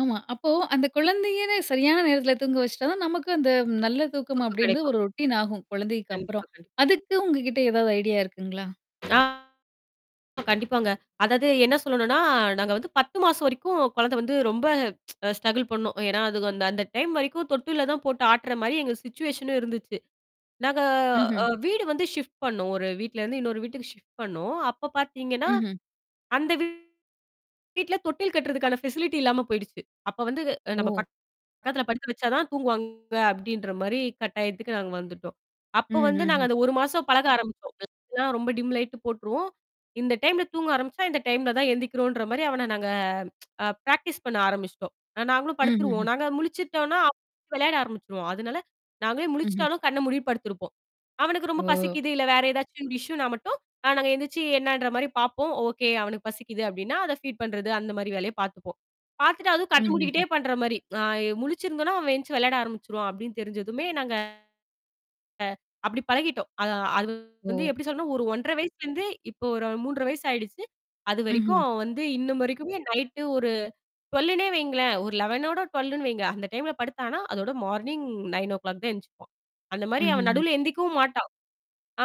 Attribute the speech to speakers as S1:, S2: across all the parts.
S1: ஆமா. அப்போ அந்தக் குழந்தையேவே சரியான நேரத்துல தூங்க வச்சுட்டா தான், நமக்கு அந்த 'நல்ல தூக்கம்'
S2: தூக்கம்
S1: அப்படீன்ற
S2: கெடைக்கும்.
S1: ஒரு ரொட்டீன் ஆகும்,
S2: கண்டிப்பா,
S1: குழந்தைக்கப்பறம்.
S2: கண்டிப்
S1: அதுக்கு உங்ககிட்ட ஏதாவது ஐடியா இருக்குங்களா?
S2: ஆ கண்டிப்பாங்க. அதாவது என்ன சொல்லணும்ன்னா, நாங்க வந்து 10 மாசம் வரைக்கும் குழந்தை வந்து ரொம்ப அ ஸ்ட்ரக்குல் பண்ணோம். ஏன்னா அது அந்த அந்த டைம் வரைக்கும் தொட்டில்ல தான் போட்டு ஆட்டுற மாரி எங்க சிட்சுவேஷனும் இருந்துச்சு. நாங்க அ
S1: ம்ஹ்ம்.
S2: வீடு வந்து ஷிப்ட் பண்ணோம். ஒரு வீட்டுலருந்து இன்னொரு வீட்டுக்கு ஷிப்ட் பண்ணோம். அப்பப் பாத்தீங்கன்னா,
S1: ம்ஹ்ம்.
S2: அந்த வீட்டுல தொட்டில் கட்டுறதுக்கான ஃபெசிலிட்டி இல்லாம போயிடுச்சு. அப்ப வந்து, "நம்ப
S1: ஓ.
S2: பக்கத்துல படுக்க வச்சா தான் தூங்குவாங்க." அப்படீன்ற மாரி கட்டாயத்துக்கு நாங்க வந்துட்டோம். அப்ப
S1: ம்.
S2: வந்து நாங்க
S1: ம்ஹ்ம்.
S2: அந்த 1 மாசம் பழக ஆரம்பிச்சோம், லைட்லாம் ரொம்ப டிம் லைட்டு போட்டுருவோம். இந்த டைம்ல தூங்க ஆரம்பிச்சா, இந்த டைம்ல தான் எந்திக்கிறோம்ன்ற மாரி அவன நாங்க அ பிராக்டிஸ் பண்ண ஆரம்பிச்சுட்டோம். நாங்களும் படுத்துருவோம்.
S1: ம்ஹ்ஹ்ம்.
S2: நாங்க முழிச்சிட்டோம்ன்னா அவன் வெளையாட ஆரம்பிச்சிருவான். அதுனால நாங்களே
S1: ம்ஹ்ம்.
S2: முழிச்சிட்டாலும் கண்ணை மூடிட்டு படுத்திருப்போம். அவனுக்கு ரொம்ப
S1: ஓ.
S2: பசிக்குது, இல்ல வேற எதாச்சும் இஷ்யுன்னா மட்டும், நா நாங்க எந்திச்சு என்னன்ற மாரி பார்ப்போம். "ஓகே, அவனுக்குப் பசிக்குது" அப்படீன்னா, அத ஃபீட் பண்றது அந்த மாரி வேலைய பாத்துப்போம். பாத்துட்டு அதுவும் கண்ணை மூடிக்கிட்டே
S1: ம்ஹ்ஹ்ம்.
S2: பண்ற மாரி. நா இ முழிச்சிருந்தோம்ன்னா, "அவன் எந்திச்சு விளையாட ஆரம்பிச்சிருவான்." அப்படின்னு தெரிஞ்சதுமே நாங்க அப்படி பழகிட்டோம். அது அது வந்து
S1: ஓ.
S2: எப்படி சொல்றதுன்னா ஒரு 1 1/2 வயசுலேருந்து இப்போ ஒரு 3 1/2 வயசு ஆயிடுச்சு. அதுவரைக்கும்
S1: ம்ஹ்ம்.
S2: அவன் வந்து இன்னும் வரைக்குமே, நைட்டு ஒரு 12ன்னே வைங்களேன். ஒரு 11, 12ன்னு வைங்க. அந்த டைம்ல படுத்தான்னா, அதோட மார்னிங் 9ஓ கிளாக் தான் எந்திச்சுப்பான். அந்த மாரி அவன்
S1: ம்ஹ்ஹ்ம்.
S2: நடுவுல எந்திக்கவும் மாட்டான்.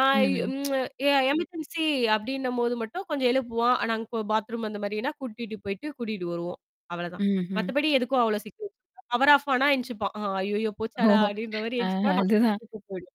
S2: ஆ
S1: ம்ஹ்ம்.
S2: இம் எ எமர்ஜென்ஸி அப்படின்னபோது மட்டும் கொஞ்சம் எழுப்புவான். ஆனா அங் கொ பாத்ரூம் அந்த மாதிரின்னா கூட்டிட்டு போயிட்டு, கூட்டிட்டு வருவோம், அவ்வளதான்.
S1: ம். ஹ்ம்.
S2: மத்தபடி எதுக்கும் அவ்வளவு [unintelligible] பவர் ஆஃப் ஆனா எந்திச்சுப்பான். "அ அய்யய்யோ போச்சாடா!"
S1: ஹோஹோ.
S2: அப்படீன்ற மாரி
S1: ஆஹா,
S2: எந்திச்சுப்பான். நாங்க
S1: அது தான்.
S2: கூட்டிட்டு போயிடுவோம்.